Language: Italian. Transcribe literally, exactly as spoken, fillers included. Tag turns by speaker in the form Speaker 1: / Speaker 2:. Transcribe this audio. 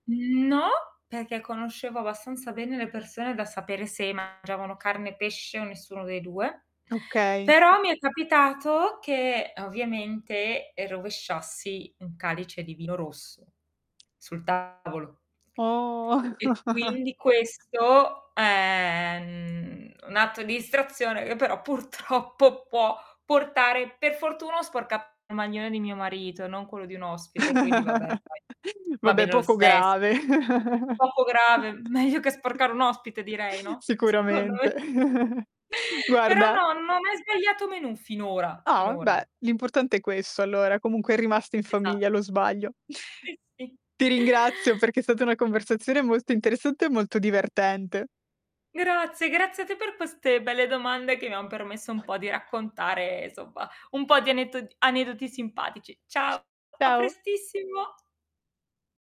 Speaker 1: Mhmm, no, perché conoscevo abbastanza bene le persone da sapere se mangiavano carne, pesce o nessuno dei due,
Speaker 2: Okay.
Speaker 1: però mi è capitato che, ovviamente, e rovesciassi un calice di vino rosso sul tavolo.
Speaker 2: Oh
Speaker 1: E quindi questo è ehm un atto di istrazione che però purtroppo può portare per fortuna ho sporcato il maglione di mio marito, non quello di un ospite, quindi vabbè dai, va
Speaker 2: Vabbè
Speaker 1: bene lo
Speaker 2: poco
Speaker 1: stesso.
Speaker 2: grave.
Speaker 1: Poco grave, meglio che sporcare un ospite direi, no, secondo me.
Speaker 2: Sicuramente.
Speaker 1: Però
Speaker 2: Guarda
Speaker 1: no, non hai mai sbagliato menù finora,
Speaker 2: Ah, va
Speaker 1: finora.
Speaker 2: beh, l'importante è questo allora, comunque è rimasto in famiglia
Speaker 1: Esatto.
Speaker 2: lo sbaglio.
Speaker 1: Si, si.
Speaker 2: Ti ringrazio perché è stata una conversazione molto interessante e molto divertente.
Speaker 1: Grazie, grazie a te per queste belle domande, che mi han permesso un po' di raccontare insomma un po' di anetto aneddoti simpatici. Ciao a
Speaker 2: Ciao,
Speaker 1: prestissimo.